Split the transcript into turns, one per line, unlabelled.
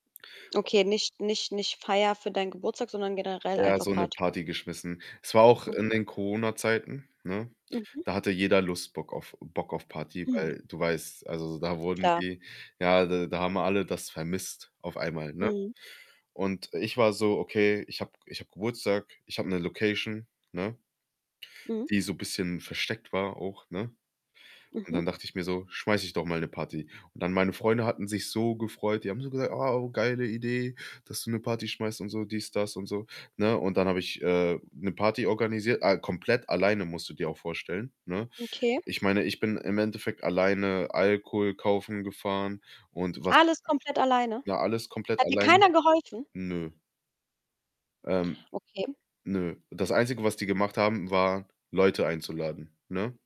Okay, nicht nicht nicht Feier für dein Geburtstag, sondern generell
Eher
einfach
so 'ne
Party.
Party geschmissen. Es war auch in
Okay.
den Corona-Zeiten, ne?
Mhm.
Da hatte jeder Lust Bock auf Bock auf Party,
Mhm.
weil du weißt also, da wurden
Klar.
die ja, d da haben alle das vermisst auf einmal, ne?
Mhm.
Und ich war so: „Okay, ich habe ich habe Geburtstag, ich habe 'ne Location“, ne
Mhm.
die so bisschen versteckt war auch, ne? Und
Mhm.
dann dachte ich mir so: „Schmeiße ich doch mal 'ne Party.“ Und dann meine Freunde hatten sich so gefreut, die haben so gesagt: „Ah, oh, geile Idee, dass du 'ne Party schmeißt und so, dies, das und so“, ne? Und dann habe ich, äh, 'ne Party organisiert. Äh, komplett alleine musst du dir auch vorstellen, ne?
Okay.
Ich meine, ich bin im Endeffekt alleine Alkohol kaufen gefahren und was
Alles komplett alleine?
na, alles komplett
Hat dir
alleine.
keiner geholfen?
Nö. Ähm.
Okay.
Nö. Das Einzige, was die gemacht haben, war Leute einzuladen, ne?